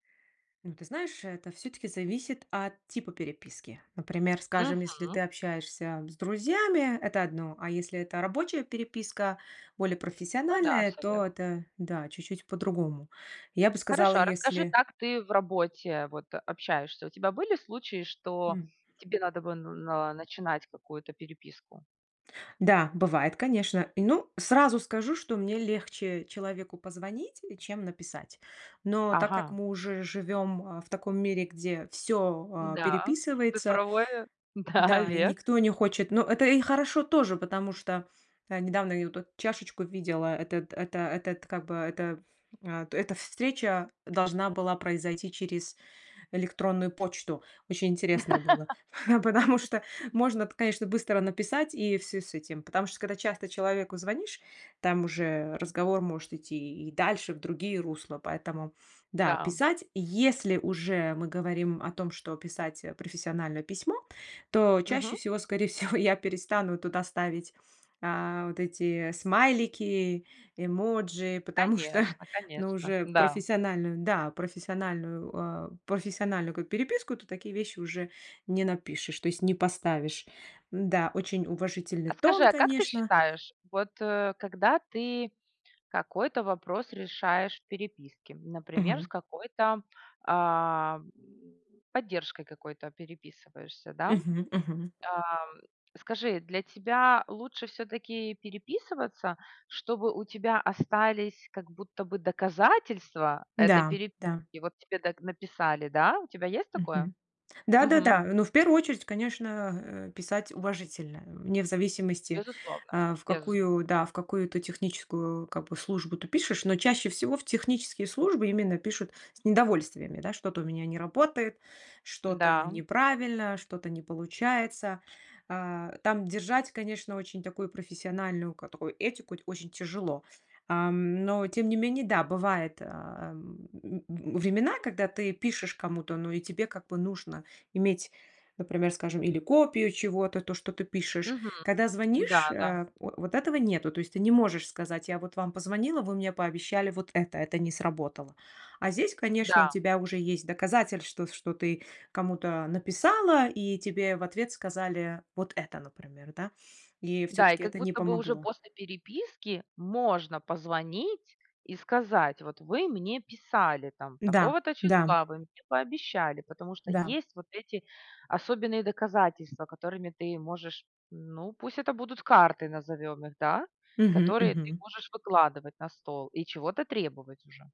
Ну, ты знаешь, это всё-таки зависит от типа переписки. Например, скажем, если Мгм. ты общаешься с друзьями, это одно, а если это рабочая переписка, более Ну да, профессиональная, всё верно. то это, да, чуть-чуть по-другому. Я бы сказала, Хорошо, а расскажи, если как ты в работе, вот, общаешься. У тебя были случаи, что М. тебе надо бы на на начинать какую-то переписку? Да, бывает, конечно. И, ну, сразу скажу, что мне легче человеку позвонить, чем написать. Но так как Ага. мы уже живем, а, в таком мире, где всё, а, Н-да. переписывается, Цифровое? Да, да, и век. никто не хочет, но это и хорошо тоже, потому что, э, недавно я ю тут чашечку видела, этот это этот, как бы, эта, ф а, эта встреча должна была произойти через электронную почту. Очень интересно было, потому что можно эт конечно, быстро написать и всё с этим, потому что, когда часто человеку звонишь, там уже разговор может идти и дальше в другие русла. Поэтому да, Да, м. писать. Если уже мы говорим о том, что писать, э, профессиональное письмо, то Мгм. чаще всего, скорей всего, я перестану туда ставить, а, вот эти смайлики, эмоджи, потому что, Конечно ну, конечно. уже в Н-да. профессиональную, да, профессиональную, э, профессиональную ка переписку, то такие вещи уже не напишешь, то есть не поставишь, н-да, очень уважительный А скажи, тон, а как ты конечно. считаешь, вот, э, когда ты какой-то вопрос решаешь в переписке, например, с Мгм. какой-то, а, м поддержкой какой-то переписываешься, да? Мгм мгм. Ам, скажи, для тебя лучше всё-таки переписываться, чтобы у тебя остались как будто бы доказательства этой Н-да, переписки да. и вот тебе так написали, да? У тебя есть такое? Мгм. Мгм. Да-да-да, но в первую очередь, конечно, э, писать уважительно, э, не в зависимости, Безусловно. а, в Безус какую, да, в какую-то техническую, как бы, службу ты пишешь, но чаще всего в технические службы именно пишут с недовольствами, да? Что-то у меня не работает, что-то Н-да. неправильно, что-то не получается. А, там держать, конечно, очень такую профессиональную ка такую этику т очень тяжело. Ам, но тем не менее, да, бывает, ам, м- времена, когда ты пишешь кому-то, ну и тебе как бы нужно иметь, например, скажем, или копию чего-то, то что ты пишешь. Мгм. Когда звонишь, Н-да, да. э, во вот этого нету, то есть ты не можешь сказать: "Я вот вам позвонила, вы мне пообещали вот это, это не сработало". А здесь, конечно, у Да. тебя уже есть доказатель что что ты кому-то написала и тебе в ответ сказали вот это например, да? И Да. И всё-таки как это не будто бы уже помогло. после переписки можно позвонить и сказать: "Вот вы мне писали, там, Да такого-то да. числа, вы мне пообещали". Потому что Да. есть вот эти особенные доказательства, которыми ты можешь, ну, пусть это будут карты, назовём их, да? Мгм Которые ты мгм. можешь выкладывать на стол и чего-то требовать уже.